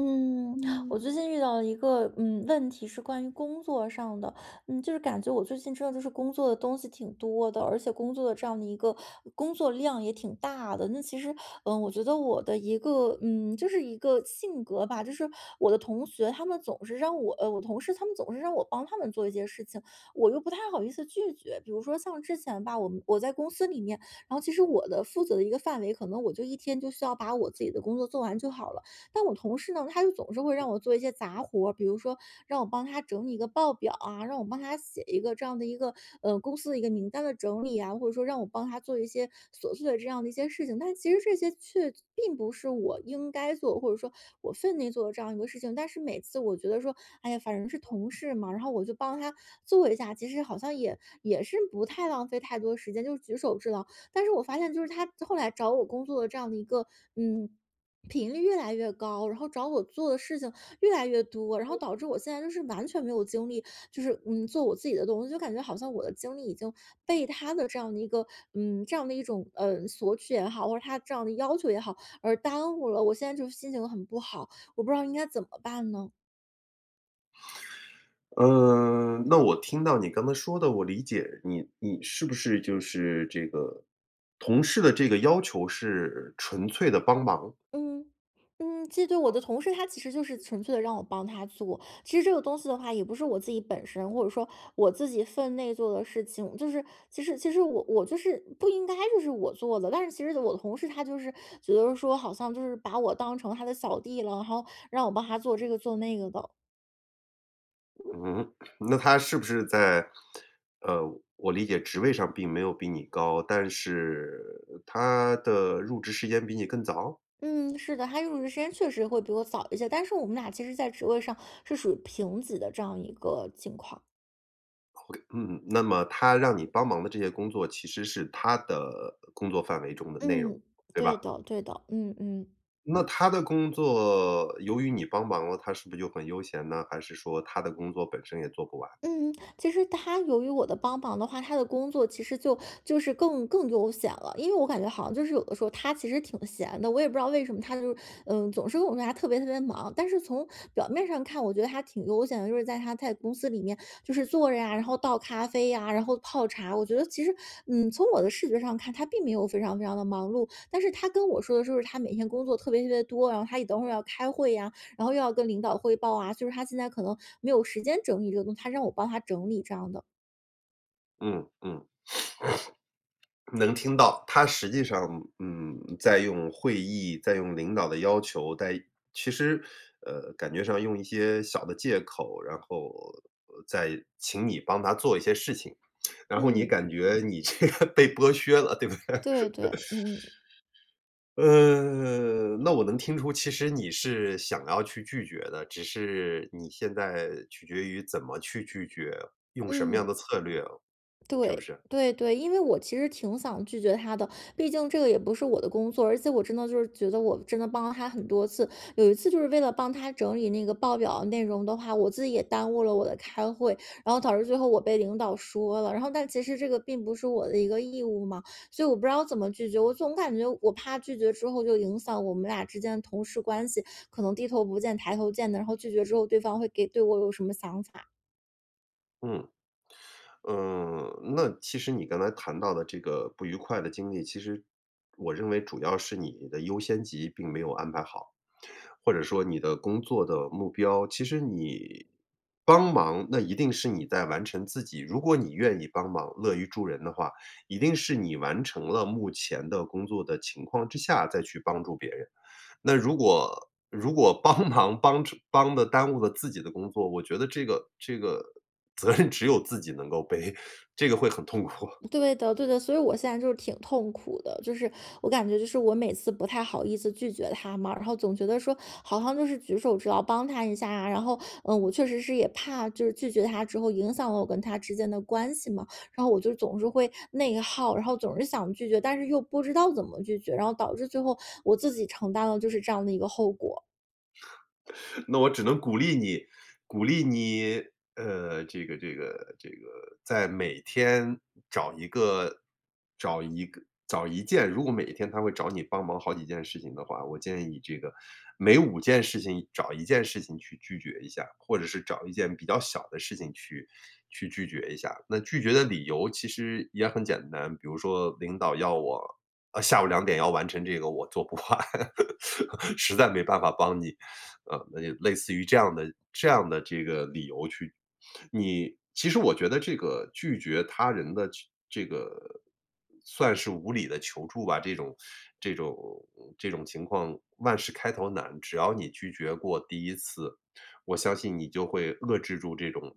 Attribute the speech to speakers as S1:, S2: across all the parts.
S1: 嗯，我
S2: 嗯。
S1: 最近遇到了一个，嗯，问题，是关于工作上的。嗯，就是感觉我最近真的就是工作的东西挺多的，而且工作的这样的一个工作量也挺大的。那其实，嗯，我觉得我的一个嗯，就是一个性格吧，就是我的同学他们总是让我呃，我同事他们总是让我帮他们做一些事情，我又不太好意思拒绝。比如说像之前吧，我们我在公司里面，然后其实我的负责的一个范围，可能我就一天就需要把我自己的工作做完就好了，但我同事呢，他就总是会让我做一些杂活儿，比如说，让我帮他整理一个报表啊，让我帮他写一个这样的一个，呃，公司的一个名单的整理啊，或者说让我帮他做一些琐碎的这样的一些事情。但其实这些却并不是我应该做的，或者是说我分内做的这样一个事情。但是每次我觉得说，哎呀，反正是同事嘛，然后我就帮他做一下，其实好像也也是不太浪费太多时间，就是举手之劳。但是我发现就是他后来找我工作的这样的一个，嗯，频率越来越高，然后找我做的事情越来越多，然后
S2: 嗯。
S1: 导致我现在就是完全没有精力，就是，嗯，做我自己的东西，就感觉好像我的精力已经被他的这样的一个嗯，这样的一种，呃，索取也好，或者他这样的要求也好，而耽误了。我现在就是心情很不好，我不知道应该怎么办呢？
S2: 嗯，那我听到你刚才说的，我理解你你是不是就是这个同事的这个要求是纯粹地帮忙。
S1: 嗯，嗯，记得我的同事他其实就是纯粹地让我帮他做，其实这个东西的话也不是我自己本身，或者说我自己分内做的事情，就是其实其实我我就是不应该就是我做的，但是其实我的同事他就是觉得说，好像就是把我当成他的小弟了，然后让我帮他做这个做那个的。
S2: 嗯？那他是不是在呃，我理解职位上并没有比你高，但是他的入职时间比你更早？
S1: 嗯，是的，他入职时间确实会比我早一些，但是我们俩其实在职位上是属于平级的这样一个情况。
S2: Ok，嗯嗯，那么他让你帮忙的这些工作，其实是他的工作范围中的内容，
S1: 嗯，
S2: 对
S1: 对
S2: 吧？
S1: 的对的，嗯嗯。
S2: 那他的工作由于你帮忙了，他是不是就很悠闲呢？还是说他的工作本身也做不完。
S1: 嗯，其实他由于我的帮忙的话，他的工作其实就就是更更悠闲了，因为我感觉好像就是有的时候他其实挺闲的，我也不知道为什么他就是，呃，总是跟我说他特别特别忙，但是从表面上看，我觉得他挺悠闲的，就是在他在公司里面就是坐着呀，然后倒咖啡呀，然后泡茶。我觉得其实，嗯，从我的视觉上看，他并没有非常非常地忙碌，但是他跟我说的就是他每天工作特别特别多，然后他也等会儿要开会呀，然后又要跟领导汇报啊，就是他现在可能没有时间整理这个东西，他让我帮他整理这样的。
S2: 嗯嗯，能听到，他实际上，嗯，在用会议，在用领导的要求，在其实，呃，感觉上用一些小的借口，然后，呃，在请你帮他做一些事情，然后你
S1: 嗯。
S2: 感觉你这个被剥削了，对不对？
S1: 对对，嗯。
S2: 呃，那我能听出，其实你是想要去拒绝的，只是你现在取决于怎么去拒绝，用什么样
S1: 嗯。
S2: 的策略，是不
S1: 对，
S2: 是？
S1: 对，对，因为我其实挺想拒绝他的，毕竟这个也不是我的工作，而且我真的就是觉得我真的帮了他很多次。有一次就是为了帮他整理那个报表的内容的话，我自己也耽误了我的开会，然后导致最后我被领导说了。然后但其实这个并不是我的一个义务嘛，所以我不知道怎么拒绝，我总感觉我怕拒绝之后就影响我们俩之间的同事关系，可能低头不见抬头见的，然后拒绝之后，对方会给对我有什么想法。
S2: 嗯。嗯，那其实你刚才谈到的这个不愉快的经历，其实，我认为主要是你的优先级并没有安排好，或者说你的工作的目标其实你帮忙，那一定是你在完成自己如果你愿意帮忙，乐于助人的话，一定是你完成了目前的工作的情况之下再去帮助别人。那如果如果帮忙帮出帮得耽误了自己的工作，我觉得这个这个责任只有自己能够背，这个会很痛苦。
S1: 对的对的，所以我现在就是挺痛苦的，就是我感觉就是我每次不太好意思拒绝他嘛。然后总觉得说好像就是举手之劳，帮他一下啊，然后，嗯，我确实是也怕就是拒绝他之后影响了我跟他之间的关系嘛。然后我就是总是会内耗，然后总是想拒绝，但是又不知道怎么拒绝，然后导致最后我自己承担了就是这样的一个后果。
S2: 那我只能鼓励你，鼓励你呃，这个这个这个在每天找一个找一个找一件如果每天他会找你帮忙好几件事情的话，我建议你这个每5件事情找1件事情去拒绝一下，或者是找1件比较小的事情去去拒绝一下。那拒绝的理由其实也很简单，比如说领导要我呃，下午2点要完成这个我做不完，实在没办法帮你。呃，那就类似于这样的这样的这个理由去你其实我觉得这个拒绝他人的这这个算是无理的求助吧，这种这种这种情况万事开头难，只要你拒绝过第1次，我相信你就会遏制住这种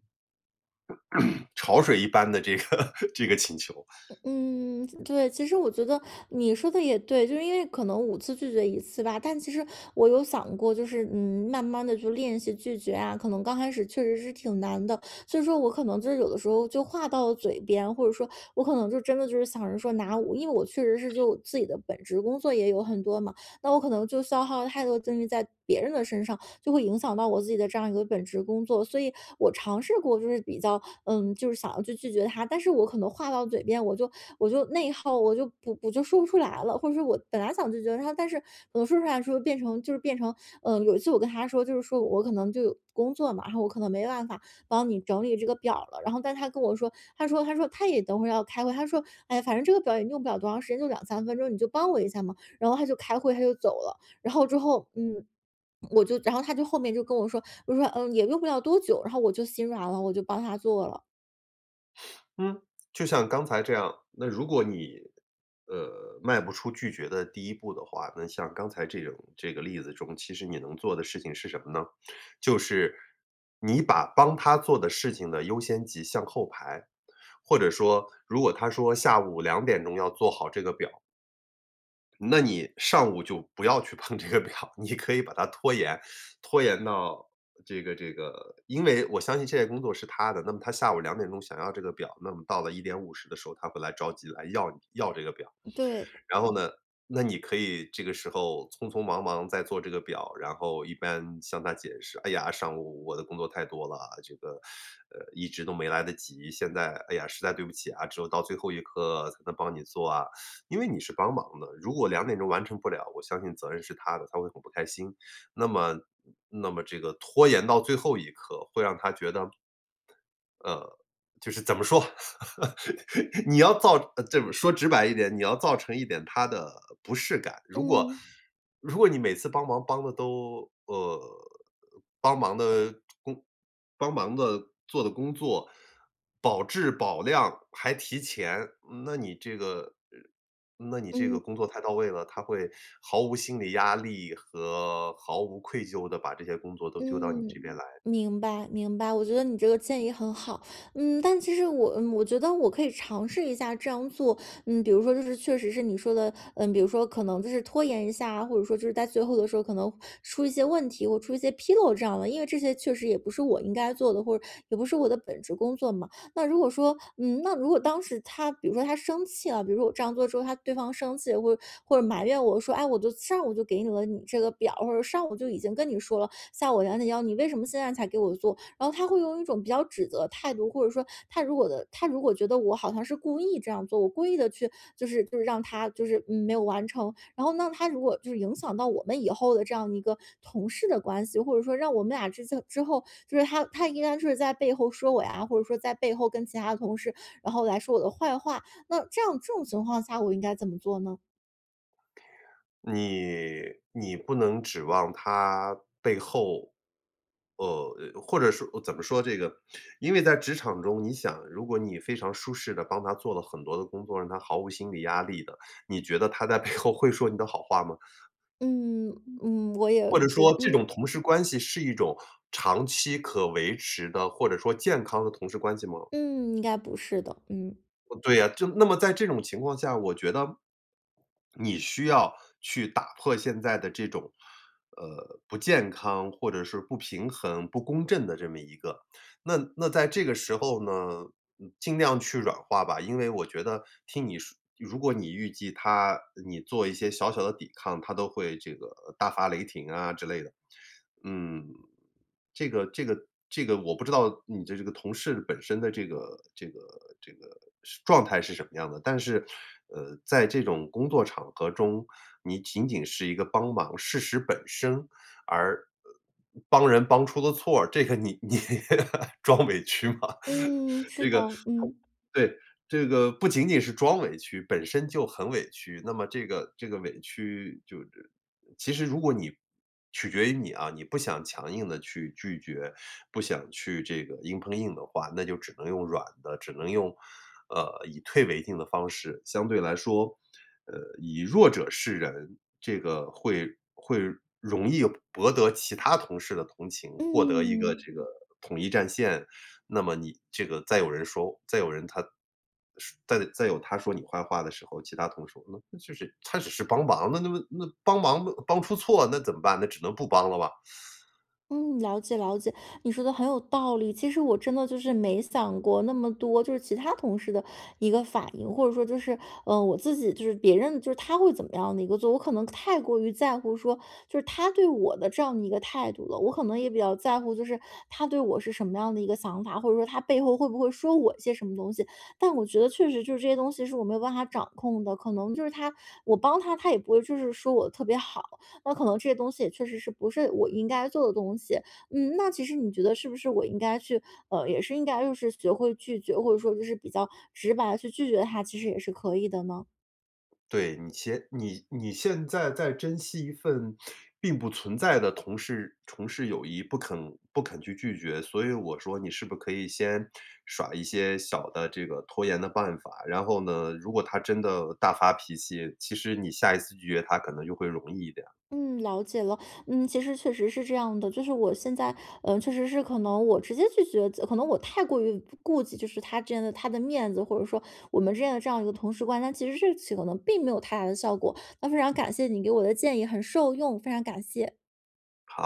S2: 潮水一般的这个这个请求。
S1: 嗯，嗯，对，其实我觉得你说得也对，就是因为可能5次拒绝1次吧，但其实我有想过，就是，嗯，慢慢地就练习拒绝啊，可能刚开始确实是挺难的，所以说我可能就是有的时候就话到了嘴边，或者说我可能就真的就是想着说拿我因为我确实是就自己的本职工作也有很多嘛，那我可能就消耗了太多的精力在别人的身上，就会影响到我自己的这样一个本职工作。所以我尝试过就是比较嗯，就是想要去拒绝他，但是我可能话到嘴边，我就我就内耗，我就不我就说不出来了，或者说我本来想拒绝他，但是可能说出来的时候变成就是变成呃，有一次我跟他说就是说我可能就有工作嘛，然后我可能没办法帮你整理这个表儿了，然后但是他跟我说，他说他说他也等会儿要开会。他说：“哎呀，反正这个表儿也用不了多长时间，就2-3分钟，你就帮我一下嘛。”然后他就开会，他就走了。然后之后嗯，我就然后他就后面就跟我说，就说：“嗯，也用不了多久。”然后我就心软了，我就帮他做了。
S2: 嗯，就像刚才这样，那如果你，呃，迈不出拒绝的第一步的话，那像刚才这种这个例子中，其实你能做的事情是什么呢？就是你把帮他做的事情的优先级向后排，或者说如果他说下午2点钟要做好这个表儿那你上午就不要去碰这个表，你可以把它拖延拖延到，呃，这个这个因为我相信这些工作是他的，那么他下午2点钟想要这个表，那么到了1:50的时候，他会来着急来要你要这个表儿。
S1: 对。
S2: 然后呢，那你可以这个时候匆匆忙忙在做这个表，然后一边向他解释：“哎呀，上午我的工作太多了，这个，呃，一直都没来得及，现在，哎呀，实在对不起啊，只有到最后一刻才能帮你做啊。” 因为你是帮忙的，如果2点钟完成不了，我相信责任是他的，他会很不开心。那么那么这个拖延到最后一刻，会让他觉得呃，就是怎么说，你要造呃，这么说直白一点，你要造成一点他的不适感。如果
S1: 嗯。
S2: 如果你每次帮忙帮得都呃，帮忙的工帮忙的做的工作，保质保量，还提前，那你这个呃，那你这个
S1: 嗯。
S2: 工作太到位了，他会毫无心理压力和毫无愧疚地把这些工作都丢到你这
S1: 嗯，
S2: 边来。
S1: 明白，明白，我觉得你这个建议很好，嗯，但其实我嗯，我觉得我可以尝试一下这样做。嗯，比如说就是确实是你说的，嗯，比如说可能就是拖延一下啊，或者说就是在最后的时候儿可能出一些问题或出一些纰漏这样了，因为这些确实也不是我应该做的，或者也不是我的本职工作嘛。那如果说嗯，那如果当时他比如说他生气了比如说我这样做之后，他对方生气或或者埋怨我说：“哎，我就上午就给你了你这个表儿，或者是上午就已经跟你说了，下午2点要，你为什么现在才给我做？”然后他会用一种比较指责的态度，或者说他如果的他如果觉得我好像是故意这样做，我故意地去就是就是让他就是，嗯，没有完成。然后那他如果就是影响到我们以后的这样一个同事的关系，或者说让我们俩之间之后就是他他应该就是在背后说我呀，然后或者说在背后跟其他的同事然后来说我的坏话，那这样这种情况下我应该怎么做呢？
S2: 你你不能指望他背后呃，或者说怎么说这个，因为在职场中，你想如果你非常舒适地帮他做了很多的工作，让他毫无心理压力的，你觉得他在背后会说你的好话吗？
S1: 嗯，嗯，我也
S2: 或者
S1: 觉
S2: 说这
S1: 嗯。
S2: 种同事关系是一种长期可维持的，或者说健康的同事关系吗？
S1: 嗯，应该不是的，嗯。
S2: 啊，对呀，就那么在这种情况下，我觉得 你需要去打破现在的这种，呃，不健康或者是不平衡、不公正的这么一个那那在这个时候呢，嗯，尽量去软化吧，因为我觉得听你说如果你预计他呃，你做一些小小的抵抗，他都会这个大发雷霆啊之类的。嗯，这个这个这个我不知道你这这个同事本身的这个这个这个是状态是什么样的？但是，呃，在这种工作场合中，你仅仅是一个帮忙，事实本身而呃，帮人帮出了错儿，这个你你 装委屈吗？
S1: 嗯，是
S2: 这
S1: 的，
S2: 个
S1: 嗯。
S2: 对，这个不仅仅是装委屈，本身就很委屈。那么这个这个委屈就是其实如果你取决于你啊，你不想强硬地去拒绝，不想去这个硬碰硬的话，那就只能用软的，只能用，呃，以退为进的方式，相对来说，呃，以弱者示人。这个会会容易博得其他同事的同情，获得一个
S1: 嗯。
S2: 这个统一战线，那么你这个再有人说再有人他说再再有他说你坏话的时候，其他同事呃，那就是她只是帮忙的，那么那帮忙嘛帮出错，那怎么办呢？那只能不帮了吧。
S1: 嗯，了解了解，你说的很有道理。其实我真的就是没想过那么多，就是其他同事的一个反应，或者说就是呃，我自己就是别人就是他会怎么样的一个做我可能太过于在乎说，就是他对我的这样的一个态度了。我可能也比较在乎就是他对我是什么样的一个想法，或者说他背后会不会说我一些什么东西。但我觉得确实就是这些东西是我没有办法掌控的，可能就是他我帮他，他也不会就是说我特别好，那可能这些东西也确实是不是我应该做的东西。嗯，那其实你觉得是不是我应该去呃，也是应该就是学会拒绝，或者说就是比较直白地去拒绝他，其实也是可以的呢？
S2: 对，你先你你现在在珍惜一份并不存在的同事同事友谊，不肯不肯去拒绝。所以我说你是不是可以先耍一些小的这个拖延的办法，然后呢，如果他真的大发脾气，其实你下一次拒绝他可能就会容易一点儿。
S1: 嗯，了解了，嗯，其实确实是这样的。就是我现在，呃，确实是可能我直接拒绝则可能我太过于顾忌就是他真的他的面子，或者说我们认了这样一个同事关那其实这一起可能并没有太大的效果。那非常感谢你给我的建议，很受用，非常感谢。
S2: 好。